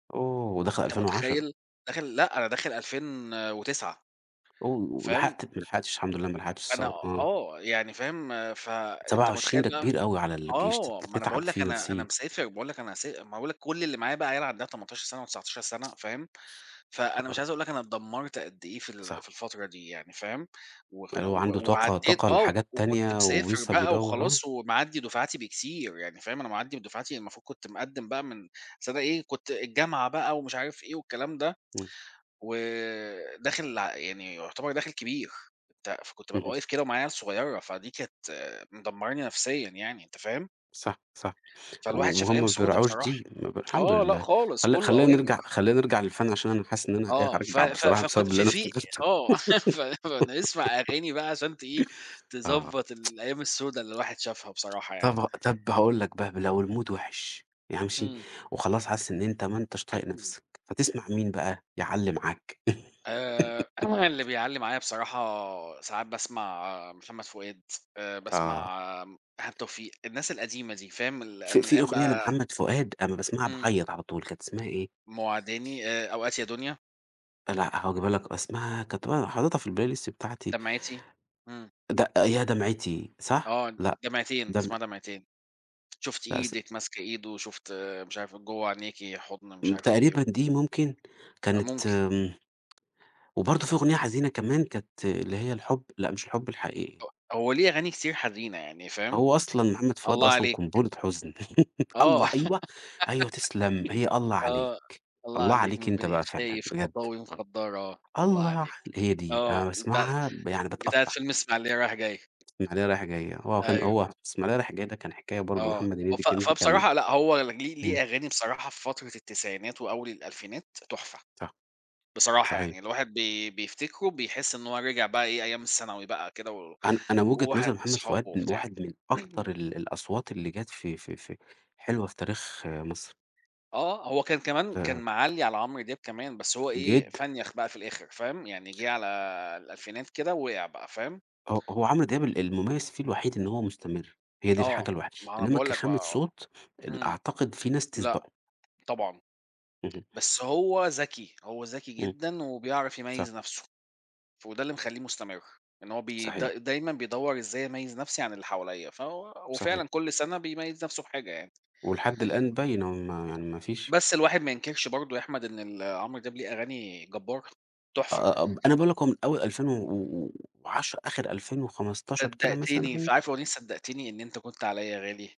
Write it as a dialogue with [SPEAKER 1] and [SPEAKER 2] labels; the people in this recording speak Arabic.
[SPEAKER 1] oh ودخل
[SPEAKER 2] أنت
[SPEAKER 1] 2010.
[SPEAKER 2] متخيّل! داخل لأ، أنا داخل 2009
[SPEAKER 1] oh
[SPEAKER 2] فاهم؟
[SPEAKER 1] ولحقت ما لحقتش الحمد لله ما لحقتش
[SPEAKER 2] أنا
[SPEAKER 1] الثورة، آه.
[SPEAKER 2] آه، يعني فاهم ف أنت
[SPEAKER 1] 27
[SPEAKER 2] متخيّل
[SPEAKER 1] ده
[SPEAKER 2] بقى
[SPEAKER 1] كبير أوي على الجيش، تت
[SPEAKER 2] آه، ما أنا
[SPEAKER 1] تتعب
[SPEAKER 2] باقول لك
[SPEAKER 1] فيه
[SPEAKER 2] أنا أنا
[SPEAKER 1] نفسيًا.
[SPEAKER 2] مسافر باقول لك أنا س ما أنا باقول لك كل اللي معايا بقى عيال عندها 18 سنة و19 سنة فاهم،
[SPEAKER 1] يا
[SPEAKER 2] فأنا
[SPEAKER 1] خبر
[SPEAKER 2] مش
[SPEAKER 1] ابيض!
[SPEAKER 2] عايز أقول لك أنا اتدمّرت قد إيه في ال
[SPEAKER 1] صح.
[SPEAKER 2] في الفترة دي يعني فاهم، [unintelligible] و
[SPEAKER 1] أيوه، عنده طاقة
[SPEAKER 2] وعدّيت
[SPEAKER 1] طاقة
[SPEAKER 2] آه،
[SPEAKER 1] لحاجات
[SPEAKER 2] وكنت
[SPEAKER 1] تانية
[SPEAKER 2] مسافر
[SPEAKER 1] ولسة
[SPEAKER 2] بقى
[SPEAKER 1] بيدوّر، آه.
[SPEAKER 2] وخلاص ومعدّي دفعاتي بكتير، يعني فاهم، أنا معدّي بدفعاتي المفروض كنت مقدّم بقى من بس أنا إيه كنت الجامعة بقى ومش عارف إيه والكلام ده،
[SPEAKER 1] إمم.
[SPEAKER 2] وداخل يعني يعتبر داخل كبير، أنت فكنت بابقى
[SPEAKER 1] اهم.
[SPEAKER 2] واقف كده ومعايا عيال صغيّرة، فدي كانت مدمراني نفسيًا يعني أنت فاهم؟
[SPEAKER 1] صح، صح
[SPEAKER 2] فالواحد شاف
[SPEAKER 1] وهُم
[SPEAKER 2] أيام
[SPEAKER 1] ما
[SPEAKER 2] سودا
[SPEAKER 1] بيراعوش
[SPEAKER 2] بصراحة،
[SPEAKER 1] دي ما بي الحمد
[SPEAKER 2] آه لأ
[SPEAKER 1] لله
[SPEAKER 2] خالص
[SPEAKER 1] خلي
[SPEAKER 2] كلّه
[SPEAKER 1] خلّينا
[SPEAKER 2] أوامر.
[SPEAKER 1] نرجع خلّينا نرجع للفن عشان أنا حاسس إن أنا إيه،
[SPEAKER 2] آه، ف
[SPEAKER 1] هارجّع
[SPEAKER 2] ف
[SPEAKER 1] بصراحة
[SPEAKER 2] فكنت
[SPEAKER 1] بسبب اللي
[SPEAKER 2] في
[SPEAKER 1] أنا
[SPEAKER 2] في
[SPEAKER 1] افتكرتُه
[SPEAKER 2] آه، ف فنسمع أغاني بقى عشان تإيه،
[SPEAKER 1] آه.
[SPEAKER 2] تضبّط الأيّام السودا اللي الواحد شافها بصراحة يعني.
[SPEAKER 1] طَب ه طَب هاقول لك بقى لو الmood وِحِش،
[SPEAKER 2] امم.
[SPEAKER 1] [unintelligible] وخلاص حاسس إن أنت ما أنتش طايق نَفسَك، هتسمع مين بقى؟ يعلّي معاك.
[SPEAKER 2] آآ، اللي بيعلّي معايا بصراحة ساعات باسمع محمد فؤاد، آآ
[SPEAKER 1] آه.
[SPEAKER 2] باسمع ايهاب توفيق، الناس القديمة دي فاهم، ال
[SPEAKER 1] في
[SPEAKER 2] من
[SPEAKER 1] في
[SPEAKER 2] ايام
[SPEAKER 1] أغنية
[SPEAKER 2] بقى
[SPEAKER 1] لمحمد فؤاد أمّا باسمعها
[SPEAKER 2] إمم.
[SPEAKER 1] باعيّط على طول، كانت إسمها إيه؟
[SPEAKER 2] مواعداني، آآ، أوقات يا دنيا.
[SPEAKER 1] آه، لأ هاجيبها لك اسمها كانت أ حاططها في الplaylist بتاعتي.
[SPEAKER 2] دمعتي، إمم.
[SPEAKER 1] د يا دمعتي صح؟
[SPEAKER 2] آه،
[SPEAKER 1] لأ
[SPEAKER 2] دمعتين،
[SPEAKER 1] دم
[SPEAKER 2] اسمها دمعتين، شُفت
[SPEAKER 1] لأ اس
[SPEAKER 2] إيدِك ماسك إيدُه شُفت مش عارف جوّه عينيكِ حضن مش
[SPEAKER 1] امم،
[SPEAKER 2] عارف إيه.
[SPEAKER 1] تقريبًا دي ممكن
[SPEAKER 2] أ
[SPEAKER 1] كانت
[SPEAKER 2] ممكن.
[SPEAKER 1] امم وبرضه في أغنية حزينة كمان كانت اللي هي الحب لأ مش الحب الحقيقي.
[SPEAKER 2] هو ليه أغاني كتير حزينة يعني فاهم؟
[SPEAKER 1] هو أصلًا محمد فؤاد
[SPEAKER 2] الله
[SPEAKER 1] أصلًا
[SPEAKER 2] عليك.
[SPEAKER 1] قنبلة حزن،
[SPEAKER 2] آه
[SPEAKER 1] الله أيوه أيوه تسلم هي الله عليك،
[SPEAKER 2] آه، الله
[SPEAKER 1] الله
[SPEAKER 2] عليك
[SPEAKER 1] عليك
[SPEAKER 2] من
[SPEAKER 1] أنت
[SPEAKER 2] بين عينيك
[SPEAKER 1] بقى فعلًا،
[SPEAKER 2] شايف
[SPEAKER 1] بجد.
[SPEAKER 2] خطاوي مخضّرة، الله
[SPEAKER 1] الله علي
[SPEAKER 2] عليك،
[SPEAKER 1] هي دي
[SPEAKER 2] آه،
[SPEAKER 1] أنا
[SPEAKER 2] دي بتاع
[SPEAKER 1] باسمعها يعني
[SPEAKER 2] بتاعة
[SPEAKER 1] باتقطّع.
[SPEAKER 2] فيلم اسماعيلية رايح جاي.
[SPEAKER 1] اسماعيلية رايح جاي، هو كان
[SPEAKER 2] أيوه.
[SPEAKER 1] هو اسماعيلية رايح جاي ده كان حكاية برضه،
[SPEAKER 2] آه،
[SPEAKER 1] محمد هنيدي
[SPEAKER 2] ف
[SPEAKER 1] [unintelligible] كان،
[SPEAKER 2] فبصراحة لأ هو ليه
[SPEAKER 1] إمم.
[SPEAKER 2] ليه أغاني بصراحة في فترة التسعينات وأوّل الألفينات، تحفة
[SPEAKER 1] صح،
[SPEAKER 2] بصراحة
[SPEAKER 1] صحيح.
[SPEAKER 2] يعني، الواحد بي بيفتكرُه بيحس إن هو رجع بقى إيه أيّام الثانوي بقى كده، و
[SPEAKER 1] أنا أنا
[SPEAKER 2] و
[SPEAKER 1] وجهة
[SPEAKER 2] واحد
[SPEAKER 1] نظر محمد
[SPEAKER 2] وصحابه
[SPEAKER 1] فؤاد من
[SPEAKER 2] وبتاع.
[SPEAKER 1] واحد من أكتر ال الأصوات اللي جَت في في في حلوة في تاريخ مصر.
[SPEAKER 2] آه، هو كان كمان كان
[SPEAKER 1] آآ
[SPEAKER 2] معلّي على عمرو دياب كمان، بس هو إيه
[SPEAKER 1] جدًا.
[SPEAKER 2] فنيَخ بقى في الآخر فاهم، يعني جِه على الألفينات كده ووقع بقى، فاهم؟
[SPEAKER 1] هو هو عمرو دياب ال المميّز فيه الوحيد إن هو مستمرّ، هي دي
[SPEAKER 2] آه،
[SPEAKER 1] الحاجة الوحي
[SPEAKER 2] ما هو أنا
[SPEAKER 1] إنّما
[SPEAKER 2] باقول لك بقى
[SPEAKER 1] كخامة
[SPEAKER 2] آه،
[SPEAKER 1] صوت ال
[SPEAKER 2] إمم،
[SPEAKER 1] أعتقد في ناس
[SPEAKER 2] لأ،
[SPEAKER 1] تسبقُه.
[SPEAKER 2] طبعًا،
[SPEAKER 1] اهم.
[SPEAKER 2] بس هو ذكي، هو ذكي
[SPEAKER 1] إمم،
[SPEAKER 2] جدًا وبيعرف
[SPEAKER 1] صح.
[SPEAKER 2] يميّز نفسُه، وده اللي مخلّيه مستمرّ، إن هو ب
[SPEAKER 1] صحيح.
[SPEAKER 2] د دايمًا بيدوّر إزاي أميّز نَفسي عن اللي حواليّا، فهو
[SPEAKER 1] صحيح.
[SPEAKER 2] وفعلًا كل سنة بيميّز نفسُه بحاجة يعني.
[SPEAKER 1] ولحد الآن باينه، ما يعني ما فيش
[SPEAKER 2] بس الواحد ما ينكرش برضه يا أحمد إن ال عمرو دياب ليه أغاني جبارة،
[SPEAKER 1] آ
[SPEAKER 2] تحفة.
[SPEAKER 1] آ أنا باقول لك من أول ألفين و و وعشرة، آخر 2015 كده
[SPEAKER 2] صدقتني، ف
[SPEAKER 1] مثلًا
[SPEAKER 2] عارف أغنية صدقتني إن أنت كنت عليَّ غالي؟